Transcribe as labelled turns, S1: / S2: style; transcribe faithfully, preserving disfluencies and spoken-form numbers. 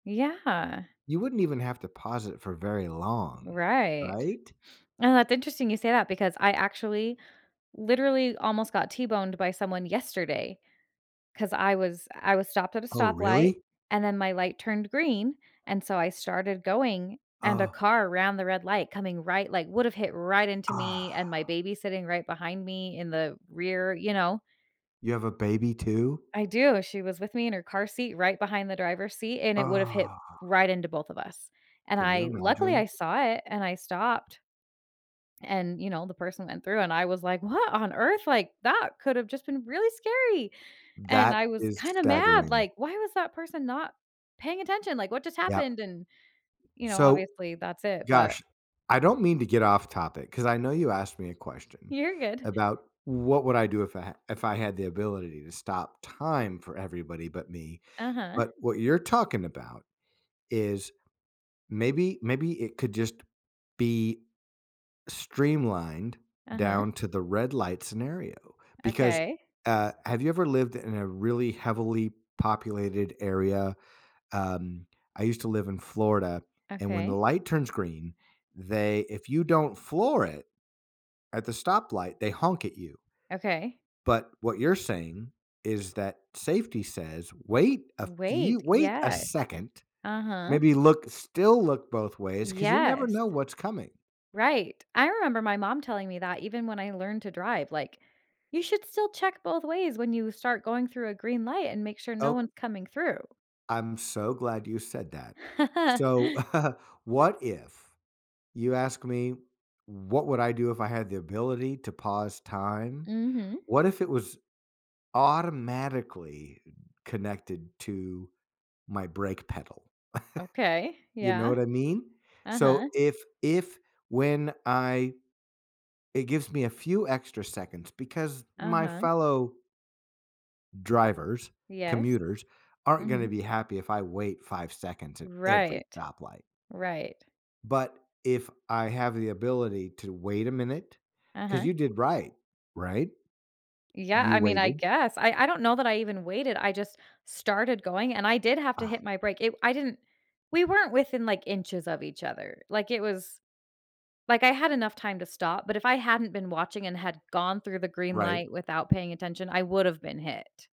S1: Yeah.
S2: You wouldn't even have to pause it for very long.
S1: Right.
S2: Right?
S1: And that's interesting you say that because I actually literally almost got t-boned by someone yesterday 'cause I was I was stopped at a
S2: Oh,
S1: stoplight,
S2: really?
S1: and then my light turned green, and so I started going, and a
S2: Oh.
S1: car ran the red light coming right like, would have hit right into me
S2: Ah.
S1: and my baby sitting right behind me in the rear. You know?
S2: You have a baby too?
S1: I do, she was with me in her car seat right behind the driver's seat, and it would've hit
S2: Oh.
S1: right into both of us, and
S2: Can you
S1: I luckily,
S2: imagine?
S1: I saw it and I stopped. And, you know, the person went through and I was like, "What on earth? Like, that could have just been really scary." And
S2: That
S1: I was
S2: is
S1: kinda mad,
S2: staggering.
S1: like, "Why was that person not paying attention? Like, what just
S2: Yep.
S1: happened?" And, you know,
S2: So,
S1: obviously, that's it, but
S2: gosh, I don't mean to get off topic 'cause I know you asked me a question
S1: You're good.
S2: about what would I do if I h if I had the ability to stop time for everybody but me,
S1: Uh-huh.
S2: but what you're talking about is maybe maybe it could just be streamlined
S1: Uh-huh.
S2: down to the red light scenario because,
S1: Okay.
S2: uh, have you ever lived in a really heavily populated area? Um, I used to live in Florida, and when the
S1: Okay.
S2: light turns green, they if you don't floor it at the stoplight they honk at you.
S1: Okay.
S2: But what you're saying is that safety says, wait a few
S1: Wait,
S2: wait a
S1: yes.
S2: second.
S1: Uh-huh.
S2: Maybe look still look both ways 'cause you never
S1: Yes.
S2: know what's coming.
S1: Right. I remember my mom telling me that even when I learned to drive, like, "You should still check both ways when you start going through a green light and make sure no
S2: Oh
S1: one's coming through."
S2: I'm so glad you said that. So what if you ask me, "What would I do if I had the ability to pause time?"
S1: Mhm.
S2: What if it was automatically connected to my brake pedal?
S1: Okay,
S2: You know
S1: yeah.
S2: what I mean? So
S1: Uh-huh.
S2: if if when I it gives me a few extra seconds because my
S1: Uh-huh.
S2: fellow drivers,
S1: Yes.
S2: commuters, aren't gonna
S1: Mhm.
S2: be happy if I wait five seconds at every
S1: Right.
S2: stoplight.
S1: Right.
S2: But if I have the ability to wait a minute 'Cause
S1: Uh-huh.
S2: you did right. Right?
S1: Yeah,
S2: You
S1: I mean I
S2: waited.
S1: guess, I I don't know that I even waited I just started going, and I did have to hit
S2: Uh.
S1: my brake, it I didn't we weren't within, like, inches of each other, like, it was like, I had enough time to stop, but if I hadn't been watching and had gone through the green
S2: Right.
S1: light without paying attention I would've been hit.